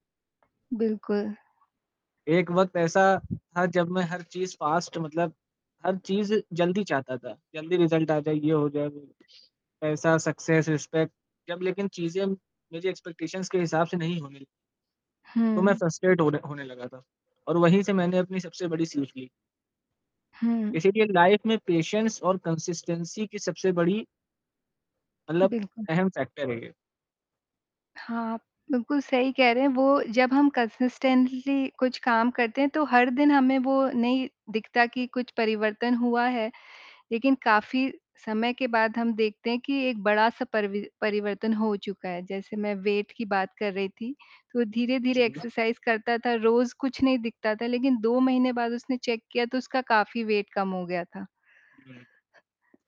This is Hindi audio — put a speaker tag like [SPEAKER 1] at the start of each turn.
[SPEAKER 1] बिल्कुल।
[SPEAKER 2] एक वक़्त ऐसा था जब मैं हर चीज़ फास्ट मतलब हर चीज़ जल्दी चाहता था। जल्दी रिजल्ट आ जाए ये हो जाए वो पैसा, सक्सेस, रिस्पेक्ट जब लेकिन चीज़ें मुझे एक्सपेक्टेशंस के हिसाब से नहीं होने तो मैं
[SPEAKER 1] हुँ।
[SPEAKER 2] फ्रस्ट्रेट होने होने लगा था और वहीं से मैंने अपनी सबसे बड़ी सीख ली।
[SPEAKER 1] हुँ।
[SPEAKER 2] इसीलिए लाइफ में पेशेंस और कंसिस्टेंसी की सबसे बड़ी मतलब
[SPEAKER 1] बिल्कुल।
[SPEAKER 2] अहम फैक्टर है ये।
[SPEAKER 1] हाँ, आप बिल्कुल सही कह रहे हैं वो जब हम कंसिस्टेंटली कुछ काम करते हैं। तो हर दिन हमें वो नहीं दिखता कि कुछ परिवर्तन हुआ है लेकिन काफ़ी समय के बाद हम देखते हैं कि एक बड़ा-सा परिवि परिवर्तन हो चुका है। जैसे मैं वेट की बात कर रही थी, तो धीरे-धीरे
[SPEAKER 2] चुनना।
[SPEAKER 1] एक्सरसाइज करता था, रोज़ कुछ नहीं दिखता था। लेकिन 2 महीने बाद उसने चेक किया तो उसका काफ़ी वेट कम हो गया था।
[SPEAKER 2] [unintelligible]